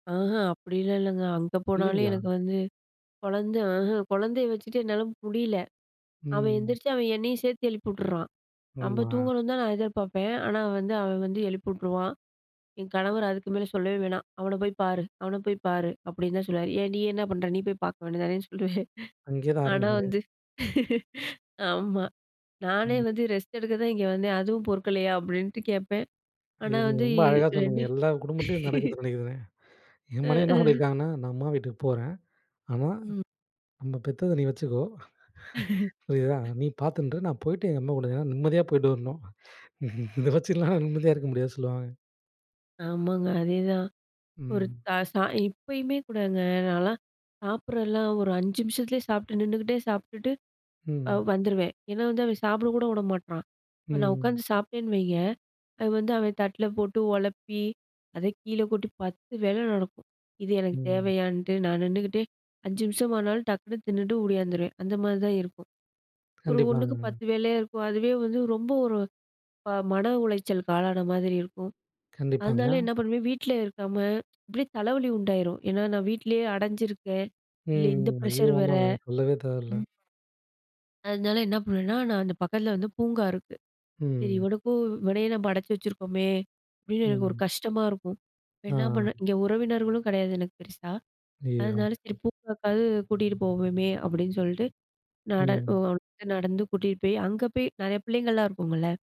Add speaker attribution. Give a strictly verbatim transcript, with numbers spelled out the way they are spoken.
Speaker 1: ஆஹ அப்பிடிலாம் இல்லங்க. அங்க போனாலே
Speaker 2: இல்லேங்களா?
Speaker 1: எனக்கு வந்து குழந்த ஆஹ குழந்தைய வச்சுட்டு என்னால முடியல. அவன்
Speaker 2: ம்.
Speaker 1: எந்திரிச்சி அவன் என்னையும் சேர்த்து எழுப்பி உட்டுறான். நம்ம
Speaker 2: ஆமா.
Speaker 1: தூங்கணுன்தான் நான் எதிர்பார்ப்பேன். ஆனா வந்து அவன் வந்து எழுப்பி உட்டுருவான். என் கணவர் அதுக்கு மேலே சொல்லவே வேணாம். அவன போய் பாரு! அவன போய் பாரு! அப்பிடின்னு தான் சொல்லுவாரு! ஏன் நீ என்ன பண்ற? நீ போய் பாக்க வேண்டியது தானேன்னு சொல்லுவேன்.
Speaker 2: அங்கேயே தான்
Speaker 1: ஆனா
Speaker 2: ஆரம்பிக்குது.
Speaker 1: வந்து ஆமா. நானே
Speaker 2: ம்.
Speaker 1: வந்து ரெஸ்ட் எடுக்க தான் இங்கே வந்தேன். அதுவும் பொறுக்கலயா! அப்பிடின்ட்டு கேட்பேன்.
Speaker 2: நீ
Speaker 1: ஆனா வந்து
Speaker 2: ரொம்ப அழகா சொன்னீங்க.
Speaker 1: ரெண்டு
Speaker 2: எல்லா குடும்பத்திலேயும் நடக்குதுன்னு நினைக்கிறேன்னே!
Speaker 1: அ,
Speaker 2: என் மனைவி என்ன
Speaker 1: ஆ.
Speaker 2: சொல்லியிருக்காங்கன்னா நான் அம்மா வீட்டுக்கு போறேன். ஆனா
Speaker 1: ம்.
Speaker 2: நம்ம பெத்தத நீ வச்சுக்கோ! புரியுதா! நீ பார்த்துண்டு இரு! நான் போயிட்டு எங்க அம்மா [unintelligible] நிம்மதியாக போயிட்டு வரணும். இத வச்சுலாம் நிம்மதியா இருக்க முடியாது சொல்லுவாங்க.
Speaker 1: ஆமாங்க. அதேதான். ஒரு
Speaker 2: ம்.
Speaker 1: த ச இப்பயுமே கூடங்க நான்லாம் சாப்பிடுறதெல்லாம் ஒரு அஞ்சு நிமிஷத்துலேயே சாப்பிட்டு நின்னுகிட்டே சாப்பிட்டுட்டு அ
Speaker 2: ம்.
Speaker 1: வந்துருவேன். ஏன்னா வந்து அவன் சாப்பிட கூட விட மாட்றான். இப்ப நான் உட்காந்து
Speaker 2: ம்.
Speaker 1: சாப்பிட்டேன்னு வைங்க, அது வந்து அவன் தட்ல போட்டு உழப்பி அத கீழ கொட்டி பத்து வேல நடக்கும். இது எனக்கு
Speaker 2: ம்.
Speaker 1: தேவையான்ட்டு நான் நின்னுக்கிட்டே அஞ்சு நிமிஷமானாலும் டக்குன்னு தின்னுட்டு ஓடியாந்துருவேன். அந்தமாரி தான் இருக்கும். ஒரு ஒன்னுக்கு
Speaker 2: கண்டிப்பாங்க.
Speaker 1: பத்து வேலையா இருக்கும். அதுவே வந்து ரொம்ப ஒரு ப மன உளைச்சலுக்கு ஆளான மாதிரி இருக்கும்.
Speaker 2: கண்டிப்பாங்க.
Speaker 1: அதனால என்ன பண்ணுவேன்? வீட்ல இருக்காம, இப்பிடியே தலைவலி உண்டாயிரும். ஏன்னா, நான் வீட்லேயே அடஞ்சிருக்கேன், இல்ல
Speaker 2: ம்.
Speaker 1: இந்த
Speaker 2: ஐயோ!
Speaker 1: ப்ரஷர் வேற,
Speaker 2: ஆமாங்க சொல்லவே தேவையில்ல.
Speaker 1: ம். அதனால என்ன பண்ணுவேன்னா, நான் அந்த பக்கத்தில வந்து பூங்கா இருக்கு. சரி
Speaker 2: ம்.
Speaker 1: இவனுக்கும் இவனையும் நம்ம அடைச்சு வச்சுருக்கோமே! அப்பிடின்னு எனக்கு ஒரு
Speaker 2: ம்.
Speaker 1: கஷ்டமா இருக்கும். என்ன பண்ண
Speaker 2: ஆ.
Speaker 1: இங்க உறவினர்களும் கிடையாது எனக்கு பெருசா.
Speaker 2: ஐயய்யோ!
Speaker 1: அதனால சரி பூங்காக்காவது கூட்டிட்டு போவோமே! அப்பிடின்னு சொல்லிட்டு நட
Speaker 2: ம்.
Speaker 1: [unintelligible] நடந்து கூட்டிட்டு போய் அங்கே போய் நிறையா பிள்ளைங்கள்லாம் இருக்கும்ல்ல.